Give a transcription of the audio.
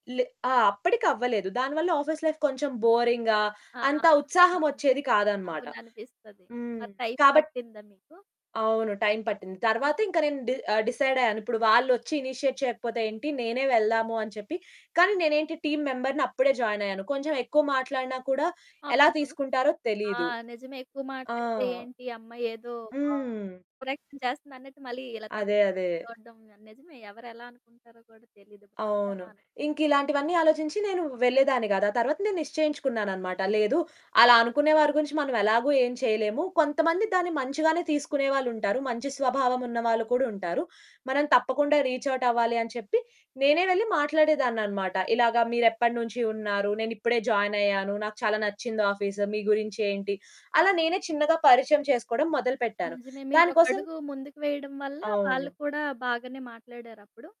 లే ఆ! అప్పడికవ్వలేదు. దానివల్ల ఆఫీస్ లైఫ్ కొంచెం బోరింగ్‌గా ఆ! అంత అవును. ఉత్సాహమొచ్చేది కాదనమాట. అవుననిపిస్తది. హ్మ్. మరి టైం కాబట్టి పట్టిందా మీకు? అవును. టైం పట్టింది. హ్మ్. తరువాత ఇంక నేను డి ఆహ్, డిసైడయ్యాను, ఇప్పుడు వాళ్ళోచ్చి ఇనిషియేట్ చేయకపోతే ఏంటి, నేనే వెళ్దాము అని చెప్పి, కానీ నేనేంటి టీమ్ మెంబర్‌ని, అప్పుడే జాయిన్ అయ్యాను. కొంచెం ఎక్కువ మాట్లాడిన కూడా ఎలా అవును. తీసుకుంటారో ఆ! తెలీదు. నిజమే ఎక్కువ ఆ! మాట్లాడితే, ఏంటి, ఈ అమ్మాయేదో హ్మ్. ఓవర్ యాక్షన్ చేస్తుందన్నట్టు, మళ్ళీ ఇలా అదే. తక్కువ‌గా‌ అదే. చూడడం గా నిజమే. ఎవరు ఎలా అనుకుంటారో కూడా తెలీదు. అవును. [unintelligible] ఇంకిలాంటివన్నీ ఆలోచించి నేను వెళ్ళేదాన్ని కాదు. ఆ తరువాత నేను నిశ్చయించుకున్నాననమాట, లేదు అలా అనుకునే వారి గురించి మనం ఎలాగో ఏం చేయలేము, కొంతమంది దాన్ని మంచిగానే తీసుకునే వాళ్ళుంటారు, మంచి స్వభావం ఉన్న వాళ్ళు కూడా ఉంటారు, మనం తప్పకుండా రీచ్ ఔట్ అవ్వాలి అని చెప్పి, నేనే వెళ్లి మాట్లాడేదాననమాట. ఇలాగ, మీరెప్పటి నుంచి ఉన్నారు, నేను ఇప్పుడే జాయిన్ అయ్యాను, నాకు చాలా నచ్చింది ఆఫీసు, మీ గురించి ఏంటి, అలా నేనే చిన్నగా పరిచయం చేసుకోవడం మొదలుపెట్టాను. నిజమే. దానికోసం మీరోకడుగు ముందుకు వేయడం వల్ల, వాళ్ళు అవును. కూడా బాగానే మాట్లాడారప్పుడు.